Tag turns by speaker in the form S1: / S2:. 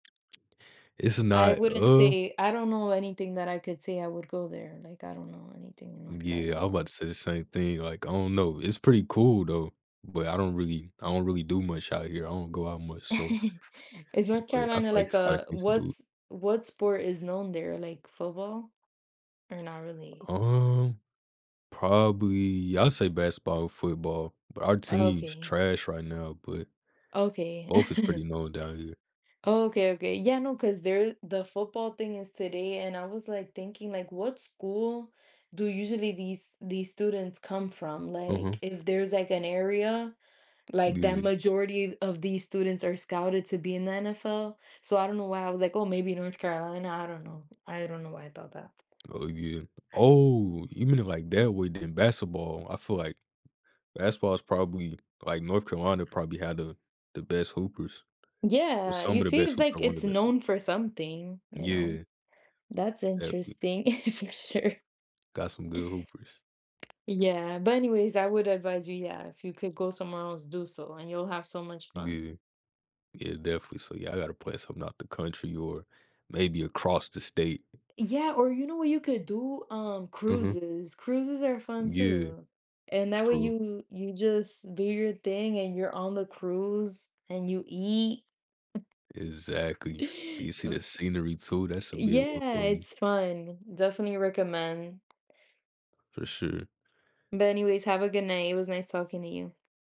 S1: It's
S2: I
S1: not
S2: wouldn't
S1: uh
S2: say I don't know anything that I could say, I would go there, like, I don't know anything in North
S1: Yeah, I'm
S2: Carolina.
S1: 'bout to say the same thing, like, I don't know, it's pretty cool, though, but I don't really I don't really do much out here, I don't go out much, so
S2: Is North
S1: but, I
S2: Carolina like
S1: finds finds
S2: a
S1: things to do.
S2: what's what sport is known there? Like football? Or, not really?
S1: Um, probably I'd say basketball or football, but our team's
S2: Okay.
S1: trash right now, but
S2: Okay.
S1: both is pretty known down here.
S2: Okay, okay, yeah, no, 'cause there the football thing is today, and I was, like, thinking, like, "What school do usually these these students come from?" Like,
S1: Mhm.
S2: if there's, like, an area, like, that
S1: Yeah.
S2: majority of these students are scouted to be in the NFL? So, I don't know why I was like, "Oh, maybe North Carolina?" I don't know. I don't know why I thought that.
S1: Oh, yeah Oh! Even in, like, that would in basketball, I feel like, basketball is probably like, North Carolina probably had the the best hoopers. Or,
S2: Yeah,
S1: some
S2: you
S1: of the
S2: see,
S1: best
S2: it's
S1: hooper
S2: like
S1: or one the
S2: it's
S1: best
S2: known
S1: hoopers.
S2: for something, you know,
S1: Yeah.
S2: s that's
S1: That'd be
S2: interesting, for sure.
S1: Got some good hoopers.
S2: Yeah, but anyways, I would advise you yeah, if you could go somewhere else, do so, and you'll have so much fun.
S1: Yeah. Yeah, definitely, so y'all gotta play something out the country or, maybe across the state.
S2: Yeah, or, you know what you could do? Um,
S1: Mhm.
S2: cruises. Cruises are fun,
S1: Yeah.
S2: too. And, that way
S1: True.
S2: you you just do your thing, and you're on the cruise, and you eat.
S1: Exactly. Do you see
S2: A
S1: the scenery, too? That should be a [unintelligible]
S2: Yeah,
S1: one.
S2: it's fun, definitely recommend.
S1: For sure.
S2: But, anyways, have a good night, it was nice talking to you.